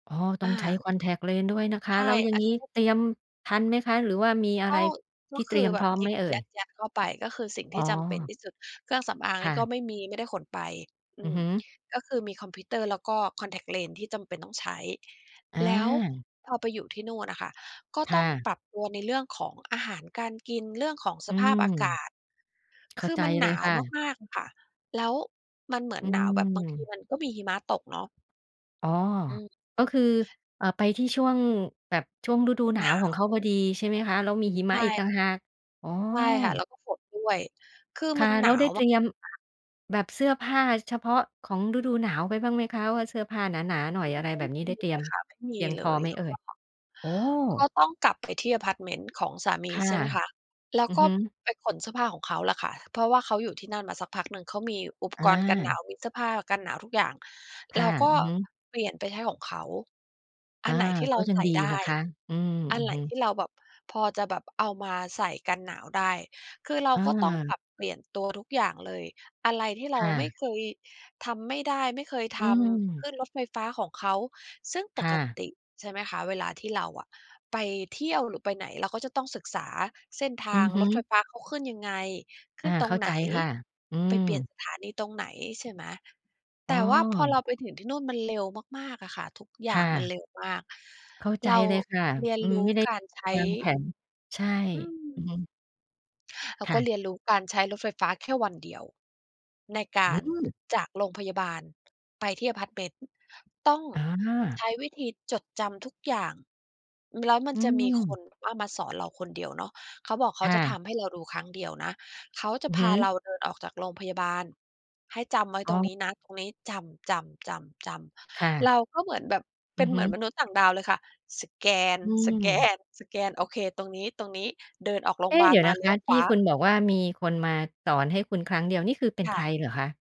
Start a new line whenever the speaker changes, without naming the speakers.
อ๋อ ต้อ
อ
งใช้
า
คอนแท็กต์เลนส์ด้วยนะค
ใ
ะ
ช่
แล้วอย่า
อ
ง
ัน
งี้เตรียมทันไหมคะ? หรือว่ามีอะ
ก
ไร
็ ก
ท
็
ี่เ
ค
ตร
ื
ี
อ
ยม
แบ
พร
บ
้อม
หย
ไ
ิ
หม
บ
เอ่
ย
ย?
ัด ๆ เข้าไป ก็คือสิ่ง
อ
ที
๋
่จำเป็น
อ
ที่สุด เครื่องสำอางอะไ
ค
ร
่
ก
ะ
็ไม่มี ไม่ได้ขนไป อื
อือ
ม
ฮึ
ก็คือมีคอมพิวเตอร์ แล้วก็คอนแท็กต์เลนส์ที่จำเป็นต้องใช้
อ
แล้ว
า
พอไปอยู่ที่นู่นอะค่ะ ก็
ค
ต้
่
อง
ะ
ปรับตัวในเรื่องของอาหารการกิน เรื่องของ
อ
ส
ื
ภ
ม
าพอากาศ
เข
ค
้า
ือ
ใจ
มัน
เ
ห
ล
น
ย
า
ค
ว
่ะ
มาก ๆ ค่ะ แล้วมันเหมือน
อื
หนาวแบบบางที
ม
มันก็มีหิมะตกเนาะ
อ๋อ
อืม
ก็คือ เอ่อ ไปที่ช่วง แบบช่วงฤดูหนา
หน
ว
า
ของเข
ว
าพอดี ใช่ไหมคะ? แล้วมีหิม
ใช
ะอีกต
่
่างหาก อ๋อ
ใช่ค่ะ แล้วก็ฝนด้วย
ค่ะ แล้วได้เตรียม
คือมันหนาวมาก ๆ
แบบเสื้อผ้าเฉพาะของฤดูหนาวไปบ้างไหมคะ? ว่าเสื้อผ้าหนา ๆ หน่อย อะไร
ไม่
แบบนี้ ได
มี
้เต
เ
ร
ล
ียม
ยค่ะ ไม่ม
เพี
ี
ยงพ
เล
อ
ย
ไหม
แล้
เอ
ว
่
ก
ย?
็
โอ้!
ก็ต้องกลับไปที่อะพาร์ตเมนต์ของสาม
ค
ี
่ะ
ใช่ไหมคะ แล้
อ
ว
ือ
ก็
ฮึ
ไปขนเสื้อผ้าของเขาล่ะค่ะ เพราะว่าเขาอยู่ที่นั่นมาสักพักหนึ่ง เขามีอุป
อ
กรณ์กันหน
า
าว มีเสื้อผ้ากันหนาวทุกอย่าง
ค
เร
่
า
ะ
ก็
อือฮึ
เปลี่ยนไปใช้ของเขา อั
อา
นไหนที่เ
ก
รา
็ยั
ใ
ง
ส่
ดี
ได
น
้
ะคะ อืม
อั
อื
น
อ
ไหน
ฮ
ท
ึ
ี่เราแบบพอจะแบบเอามาใส่กันหนาวได้ คือเรา
อ
ก็ต้องป
า
รับเปลี่ยนตัวทุกอย่างเลย อะไรที่เร
ค
า
่
ไม่
ะ
เคย ทำไม่ได้ ไม่เคย
อ
ท
ื
ำ ข
ม
ึ้นรถไฟฟ้าของเขา ซึ่งป
ค่
ก
ะ
ติ ใช่ไหมคะ เวลาที่เราอะไปเที่ยว หรือไปไหน เราก็จะต้องศึกษาเส้นท
อื
า
อ
ง
ฮึ
รถไฟฟ้า เขาขึ้นยังไง ข
อ
ึ
า
้นตร
เข้
ง
า
ไ
ใ
ห
จ
น
ค่ะ อื
ไปเปลี่ย
ม
นสถานีตรงไหน ใช่ไหม
อ๋
แต่ว่าพอเรา
อ
ไปถึงที่นู่นมันเร็วมาก ๆ อะค่ะ ทุกอ
ค
ย่า
่
งมัน
ะ
เร็วมาก
เข้าใจ
เรา
เลยค่ะ
เรียน
อื
ร
ม
ู
ไ
้
ม่ได้
การใช้
วางแผน ใช่
อื
อือ
ม
ฮึ
เรา
ค่
ก็
ะ
เรียนรู้การใช้รถไฟฟ้าแค่วันเดียว ในก
อื
า
้อ
ร
ฮือ
จากโรงพยาบาลไปที่อะพาร์ตเมนต์ ต้อง
อ
ใ
า
ช้วิธีจดจำทุกอย่าง แล้วมั
อ
น
ื
จะมีค
ม
นว่ามาสอนเราคนเดียวเนาะ เขาบอกเข
ค
า
่
จะ
ะ
ทำให้เราดูครั้งเดียวนะ เขาก็จ
อ
ะ
ือ
พ
ฮ
า
ึ
เราเดินออกจากโรงพยาบาล ให้จำไว้
อ๋
ตรงน
อ
ี้นะตรงนี้ จำ ๆ ๆ
ค่
ๆ เ
ะ
ราก็เหมือนแบบเ
อ
ป
ื
็
อ
น
ฮ
เหม
ึ
ือนมนุษย์ต่างดาวเลยค่ะ สแก
อืม
น ๆ ๆ โอเค ตรงนี้ ๆ เดินออกโร
เ
ง
อ๊!
บา
เด
ล
ี๋ยว
ม
น
า
ะ
เ
ค
ลี้
ะ
ยวข
ท
ว
ี่
า
คุณบอกว่ามีคนมาสอนให้คุณครั้งเดียว นี่คือเป็น
ค
ใ
่
ค
ะ
รเหรอคะ?